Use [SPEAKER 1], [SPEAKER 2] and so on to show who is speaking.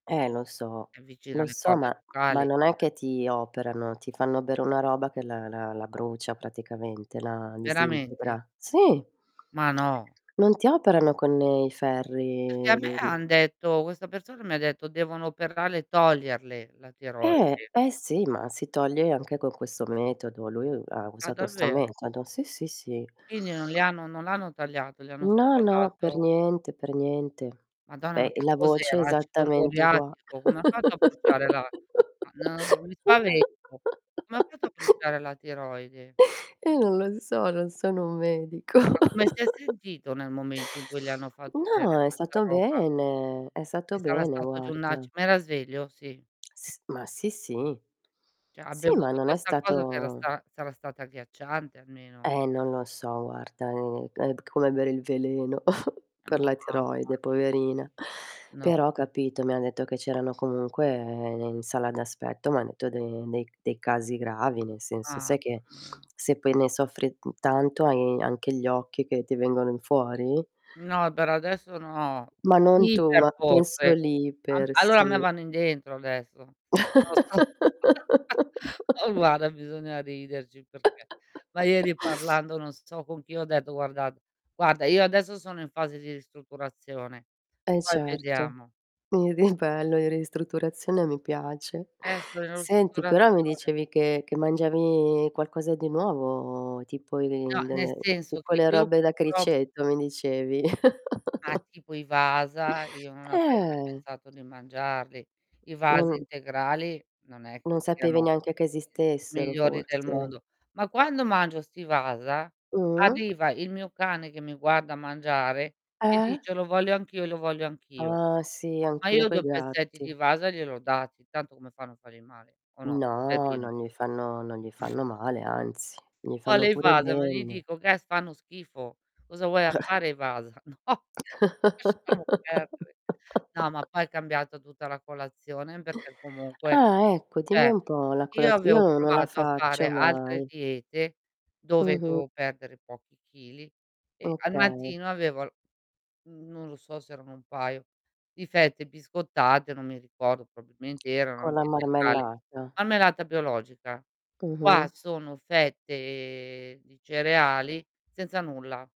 [SPEAKER 1] Ehm, lo so,
[SPEAKER 2] È vicino
[SPEAKER 1] lo
[SPEAKER 2] alle
[SPEAKER 1] so,
[SPEAKER 2] corde
[SPEAKER 1] ma ma
[SPEAKER 2] vocali.
[SPEAKER 1] non è che ti operano, ti fanno bere una roba che la la la brucia praticamente, la
[SPEAKER 2] Veramente?
[SPEAKER 1] disintegra. Sì.
[SPEAKER 2] Ma no.
[SPEAKER 1] Non ti operano con i
[SPEAKER 2] Perché a
[SPEAKER 1] ferri i
[SPEAKER 2] me
[SPEAKER 1] d d
[SPEAKER 2] han detto questa persona m'ha detto: "Devono operare e toglierle la
[SPEAKER 1] Eh!
[SPEAKER 2] tiroide".
[SPEAKER 1] Beh, sì, ma si toglie anche con questo metodo. Lui ha
[SPEAKER 2] Ah,
[SPEAKER 1] usato sta
[SPEAKER 2] davvero?
[SPEAKER 1] metodo. Sì, sì, sì.
[SPEAKER 2] Quindi non le hanno non l'hanno tagliata, le hanno
[SPEAKER 1] No,
[SPEAKER 2] solo
[SPEAKER 1] no, per
[SPEAKER 2] dato
[SPEAKER 1] niente per niente.
[SPEAKER 2] Madonna,
[SPEAKER 1] Beh,
[SPEAKER 2] ma che
[SPEAKER 1] la voce è
[SPEAKER 2] cos'era? Acido
[SPEAKER 1] esattamente ugua
[SPEAKER 2] moriatico? Come ha fatto a bruciare la ma no ri mi spavento? Come ha fatto a bruciare la tiroide?
[SPEAKER 1] Eh, non lo so, non sono un medico.
[SPEAKER 2] Ma come si è sentito nel momento in cui gli hanno fatto bere
[SPEAKER 1] No, è
[SPEAKER 2] questa
[SPEAKER 1] stato
[SPEAKER 2] roba?
[SPEAKER 1] bene, è stato
[SPEAKER 2] Che sarà
[SPEAKER 1] bene,
[SPEAKER 2] stato giù un aci
[SPEAKER 1] guarda.
[SPEAKER 2] ma era sveglio? Sì.
[SPEAKER 1] S ma sì, sì.
[SPEAKER 2] Cioè ha
[SPEAKER 1] Sì, ma
[SPEAKER 2] bevuto
[SPEAKER 1] non è
[SPEAKER 2] questa cosa che era
[SPEAKER 1] stato
[SPEAKER 2] sta sarà stata agghiacciante, almeno.
[SPEAKER 1] Eh, non lo so, guarda, uhm, è d come bere il veleno per la
[SPEAKER 2] Mamma
[SPEAKER 1] tiroide
[SPEAKER 2] mi
[SPEAKER 1] poverina,
[SPEAKER 2] No.
[SPEAKER 1] però, capito, mi ha detto che c'erano comunque, ehm, in sala d'aspetto, m'ha detto de dei dei casi gravi, nel senso,
[SPEAKER 2] Mamma
[SPEAKER 1] sai che
[SPEAKER 2] mia.
[SPEAKER 1] se poi ne soffri, mhmm, tanto, hai anche gli occhi che ti vengono fuori?
[SPEAKER 2] No, per adesso, no.
[SPEAKER 1] Ma non
[SPEAKER 2] Sì,
[SPEAKER 1] tu,
[SPEAKER 2] per
[SPEAKER 1] ma penso
[SPEAKER 2] forse.
[SPEAKER 1] lì
[SPEAKER 2] A
[SPEAKER 1] per
[SPEAKER 2] allora, a me
[SPEAKER 1] sì.
[SPEAKER 2] vanno in dentro adesso. Non lo so. Eh, guarda, bisogna riderci perché ma ieri parlando, non so con chi, ho detto: "Guardate guarda, io adesso sono in fase di ristrutturazione".
[SPEAKER 1] Eh,
[SPEAKER 2] Poi
[SPEAKER 1] certo
[SPEAKER 2] vediamo.
[SPEAKER 1] [unintelligible] bello, in ristrutturazione mi piace.
[SPEAKER 2] Eh sono in
[SPEAKER 1] Senti, però mi
[SPEAKER 2] ristrutturazione.
[SPEAKER 1] dicevi che che mangiavi qualcosa di nuovo tipo di
[SPEAKER 2] No, nel
[SPEAKER 1] delle
[SPEAKER 2] senso
[SPEAKER 1] tipo
[SPEAKER 2] che
[SPEAKER 1] le
[SPEAKER 2] io
[SPEAKER 1] robe da
[SPEAKER 2] purtro
[SPEAKER 1] criceto mi dicevi.
[SPEAKER 2] Ah, tipo i Wasa, io non avrei mai
[SPEAKER 1] Eh!
[SPEAKER 2] pensato di mangiarli. I Wasa
[SPEAKER 1] Non
[SPEAKER 2] integrali non è
[SPEAKER 1] non
[SPEAKER 2] che
[SPEAKER 1] sapevi
[SPEAKER 2] siano,
[SPEAKER 1] neanche che
[SPEAKER 2] ehm,
[SPEAKER 1] esistessero,
[SPEAKER 2] migliori del
[SPEAKER 1] forse.
[SPEAKER 2] mondo, ma quando mangio sti Wasa,
[SPEAKER 1] Mh.
[SPEAKER 2] arriva il mio cane, che mi guarda mangiare e
[SPEAKER 1] Eh?
[SPEAKER 2] dice: "Lo voglio anch'io e lo voglio anch' io".
[SPEAKER 1] Ah, sì,
[SPEAKER 2] Ma
[SPEAKER 1] anch'io
[SPEAKER 2] io
[SPEAKER 1] coi
[SPEAKER 2] 2 pezzetti di
[SPEAKER 1] gatti.
[SPEAKER 2] Wasa gliel'ho dati, tanto come fanno a fargli male o no,
[SPEAKER 1] No,
[SPEAKER 2] poverino.
[SPEAKER 1] non gli fanno non gli fanno male, anzi, gli fanno
[SPEAKER 2] Vuole i
[SPEAKER 1] pure
[SPEAKER 2] Wasa, ma gli
[SPEAKER 1] bene.
[SPEAKER 2] dico: che fanno schifo. "Cosa vuoi a fare i Wasa?" No, lasciamo perdere. No, ma poi è cambiata tutta la colazione perché comunque,
[SPEAKER 1] Ah, ecco, dimmi
[SPEAKER 2] cioè,
[SPEAKER 1] un po', la
[SPEAKER 2] io
[SPEAKER 1] colaz
[SPEAKER 2] avevo
[SPEAKER 1] io non la
[SPEAKER 2] provato a fare
[SPEAKER 1] faccio
[SPEAKER 2] altre
[SPEAKER 1] mai.
[SPEAKER 2] diete dove cioè,
[SPEAKER 1] Mh-mh.
[SPEAKER 2] dovevo perdere pochi chili e al
[SPEAKER 1] Okay.
[SPEAKER 2] mattino avevo l mhmm, non lo so se erano un paio di fette biscottate, non mi ricordo probabilmente erano
[SPEAKER 1] Con la
[SPEAKER 2] anche integrali,
[SPEAKER 1] marmellata.
[SPEAKER 2] marmellata biologica. Qua
[SPEAKER 1] Mh-mh.
[SPEAKER 2] sono fette di cereali, senza nulla.